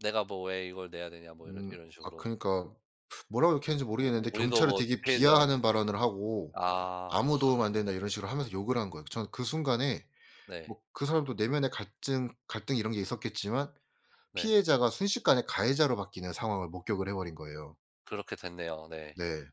"내가 뭐 왜 이걸 내야 되냐." 뭐 이런 음. 이런 아 식으로. 그니까 뭐라고 욕했는지 우 모르겠는데 우리도 경찰을 뭐 되게 편의점 비하하는 발언을 하고 아 와. "아무 도움 안 된다." 이런 식으로 하면서 욕을 한 거예요. 저는 그 순간에 네. 뭐 그 사람도 내면의 갈증 갈등 이런 게 있었겠지만 네. 피해자가 순식간에 가해자로 바뀌는 상황을 목격을 해 버린 거예요. 그렇게 됐네요. 네. 네.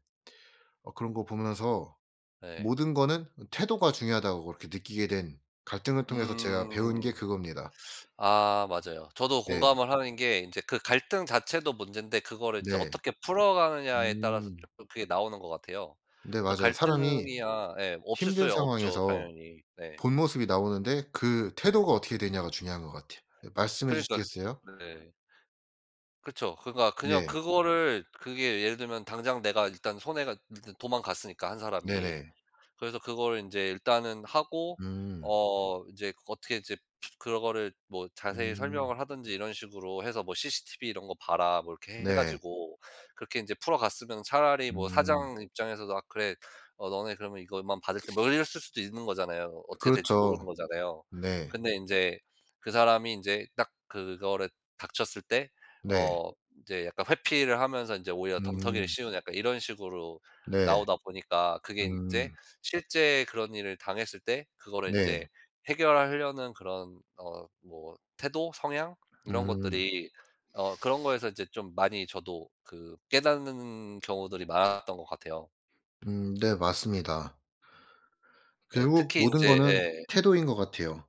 어 그런 거 보면서 네. 모든 거는 태도가 중요하다고 그렇게 느끼게 된 갈등을 통해서 제가 배운 게 음. 그겁니다. 아 맞아요. 저도 예. 공감을 하는 게 인제 그 갈등 자체도 문젠데 그거를 인제 네. 어떻게 풀어가느냐에 따라서 음. 쪼끔 그게 나오는 것 같아요. 네 그래서 맞아요. 사람이 갈등이야 예 없을 힘든 수야 없죠, 상황에서 당연히. 네. 본모습이 나오는데 그 네. 태도가 어떻게 되냐가 중요한 것 같아요. 예 말씀해 그러니까 주시겠어요? 네. 그쵸. 그러니까 그냥 네. 그거를 그게 예를 들면 당장 내가 일단 손해가 일단 도망갔으니까 1 사람이. 네네. 그래서 그거를 인제 일단은 하고 음. 어 인제 그 어떻게 이제 그런 거를 뭐 자세히 음. 설명을 하든지 이런 식으로 해서 뭐 "cctv 이런 거 봐라." 뭐 이렇게 해 네. 가지고 그렇게 인제 풀어갔으면 차라리 뭐 음. 사장 입장에서도 "아 그래 어 너네 그러면 이것만 받을테" 뭐 이랬을 수도 있는 거잖아요. 어떻게 될지 모르는 그렇죠. 거잖아요. 네. 근데 인제 그 사람이 인제 딱 그거를 닥쳤을 때 네. 어 이제 약간 회피를 하면서 인제 오히려 덤터기를 음. 씌우는 약간 이런 식으로 네. 나오다 보니까 그게 인제 음. 실제 그런 일을 당했을 때 그거를 인제 네. 해결하려는 그런 어 뭐 태도 성향 이런 음. 것들이 어 그런 거에서 인제 좀 많이 저도 그 깨닫는 경우들이 많았던 것 같아요. 음 네 맞습니다. 네 결국 특히 모든 인제 거는 예. 태도인 것 같아요.